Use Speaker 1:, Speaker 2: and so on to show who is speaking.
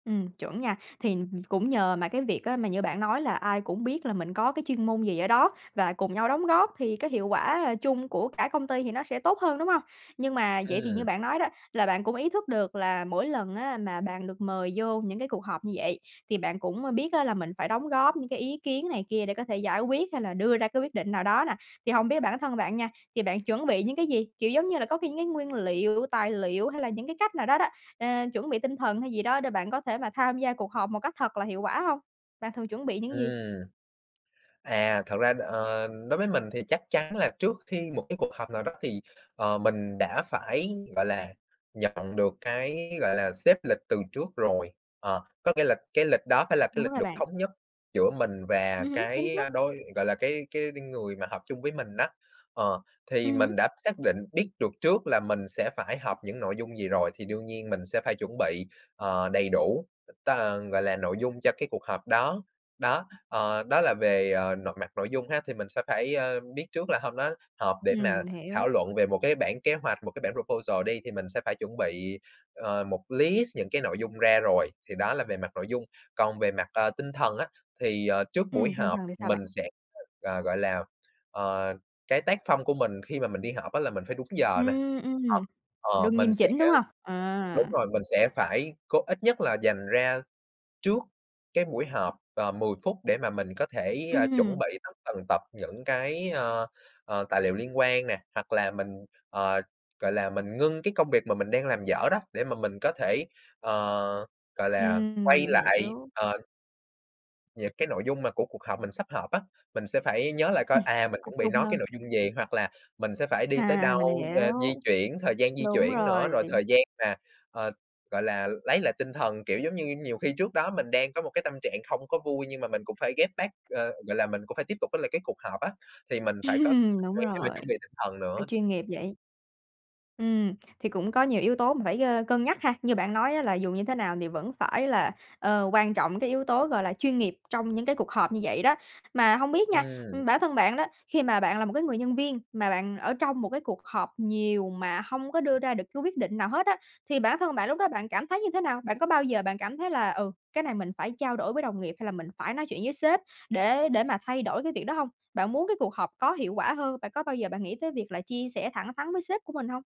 Speaker 1: Ừm, chuẩn nha. Thì, ừm, cũng nhờ mà cái việc á, mà như bạn nói là ai cũng biết là mình có cái chuyên môn gì ở đó và cùng nhau đóng góp thì cái hiệu quả chung của cả công ty thì nó sẽ tốt hơn, đúng hông? Nhưng mà vậy thì như
Speaker 2: Ừm.
Speaker 1: bạn nói đó, là bạn cũng ý thức được là mỗi lần á, mà bạn được mời vô những cái cuộc họp như vậy, thì bạn cũng, ờ, biết á là mình phải đóng góp những cái ý kiến này kia, để có thể giải quyết hay là đưa ra cái quyết định nào đó nè. Thì hông biết bản thân bạn nha, thì bạn chuẩn bị những cái gì? Kiểu giống như là có cái cái nguyên liệu, tài liệu hay là những cái cách nào đó đó, ờ, chuẩn bị tinh thần hay gì đó để bạn có thể mà tham gia cuộc họp một cách thật là hiệu quả hông? Bạn thường chuẩn bị những gì?
Speaker 2: Ừm. À, thật ra đ ờ, đối với mình thì chắc chắn là trước khi một cái cuộc họp nào đó, thì, ờ, mình đã phải, gọi là, nhận được cái, gọi là, xếp lịch từ trước rồi. Ờ, có nghĩa là cái lịch đó phải là cái
Speaker 1: Đúng
Speaker 2: lịch
Speaker 1: rồi
Speaker 2: được
Speaker 1: bạn.
Speaker 2: thống nhất giữa mình và
Speaker 1: Ừm hứm, chính
Speaker 2: cái,
Speaker 1: xác.
Speaker 2: à, đối gọi là, cái cái người mà họp chung với mình á. Ờ, thì
Speaker 1: Ừm
Speaker 2: mình
Speaker 1: hứm.
Speaker 2: đã xác định, biết được trước là mình sẽ phải họp những nội dung gì rồi, thì đương nhiên mình sẽ phải chuẩn bị, ờ, đầy đủ, ta gọi là, nội dung cho cái cuộc họp đó. Đó, ờ, đó là về, ờ, nội mặt nội dung ha, thì mình sẽ phải, ờ, biết trước là hôm đó họp để
Speaker 1: Ừm,
Speaker 2: mà
Speaker 1: mình
Speaker 2: thảo
Speaker 1: hiểu.
Speaker 2: luận về một cái bản kế hoạch, một cái bản proposal đi, thì mình sẽ phải chuẩn bị, ờ, một list những cái nội dung ra rồi. Thì đó là về mặt nội dung, còn về mặt, à, tinh thần á, thì, ờ, trước buổi
Speaker 1: Ừm, tinh
Speaker 2: họp
Speaker 1: thần thì sao bạn?
Speaker 2: mình sẽ, à, gọi là, ờ, cái tác phong của mình khi mà mình đi họp á, là mình phải đúng giờ nè.
Speaker 1: Ừm, ừm.
Speaker 2: Ờ, ờ,
Speaker 1: Luôn
Speaker 2: mình
Speaker 1: nghiêm
Speaker 2: sẽ
Speaker 1: chỉnh, đúng hông?
Speaker 2: đúng
Speaker 1: À!
Speaker 2: rồi, mình sẽ phải cố ít nhất là dành ra trước cái buổi họp, ờ, 10 phút để mà mình có thể, à, chuẩn
Speaker 1: Ừm.
Speaker 2: bị tất tần tật những cái, à, ờ, tài liệu liên quan nè. Hoặc là mình, ờ, gọi là, mình ngưng cái công việc mà mình đang làm dở đó, để mà mình có thể, ờ, gọi là,
Speaker 1: Ừm,
Speaker 2: quay
Speaker 1: mình
Speaker 2: lại,
Speaker 1: hiểu.
Speaker 2: ờ Những cái nội dung mà của cuộc họp mình sắp họp á, mình sẽ phải nhớ lại coi,
Speaker 1: Ừm,
Speaker 2: à, mình
Speaker 1: tập
Speaker 2: chuẩn bị
Speaker 1: trung
Speaker 2: nói
Speaker 1: hơn.
Speaker 2: cái nội dung gì hoặc là mình sẽ phải đi tới
Speaker 1: À, mình
Speaker 2: đâu, à, di
Speaker 1: hiểu.
Speaker 2: chuyển, thời gian di
Speaker 1: Đúng
Speaker 2: chuyển nữa,
Speaker 1: rồi.
Speaker 2: rồi thời gian mà, ờ, gọi là, lấy lại tinh thần. Kiểu giống như nhiều khi trước đó mình đang có một cái tâm trạng không có vui nhưng mà mình cũng phải get back, ờ, gọi là, mình cũng phải tiếp tục với lại cái cuộc họp á, thì mình phải có [unintelligible]
Speaker 1: Đúng
Speaker 2: để mà
Speaker 1: rồi.
Speaker 2: chuẩn bị tinh thần nữa.
Speaker 1: Phải chuyên nghiệp vậy. Ừm, thì cũng có nhiều yếu tố mà phải, à, cân nhắc ha. Như bạn nói á, là dù như thế nào thì vẫn phải là, ờ, quan trọng cái yếu tố, gọi là, chuyên nghiệp trong những cái cuộc họp như vậy đó. Mà hông biết nha,
Speaker 2: Ừm.
Speaker 1: ừm, bản thân bạn đó, khi mà bạn là một cái người nhân viên mà bạn ở trong một cái cuộc họp nhiều, mà hông có đưa ra được cái quyết định nào hết á, thì bản thân bạn lúc đó bạn cảm thấy như thế nào? Bạn có bao giờ bạn cảm thấy là, ừ, cái này mình phải trao đổi với đồng nghiệp hay là mình phải nói chuyện với sếp để để mà thay đổi cái việc đó hông? Bạn muốn cái cuộc họp có hiệu quả hơn, bạn có bao giờ bạn nghĩ tới việc là chia sẻ thẳng thắn với sếp của mình hông?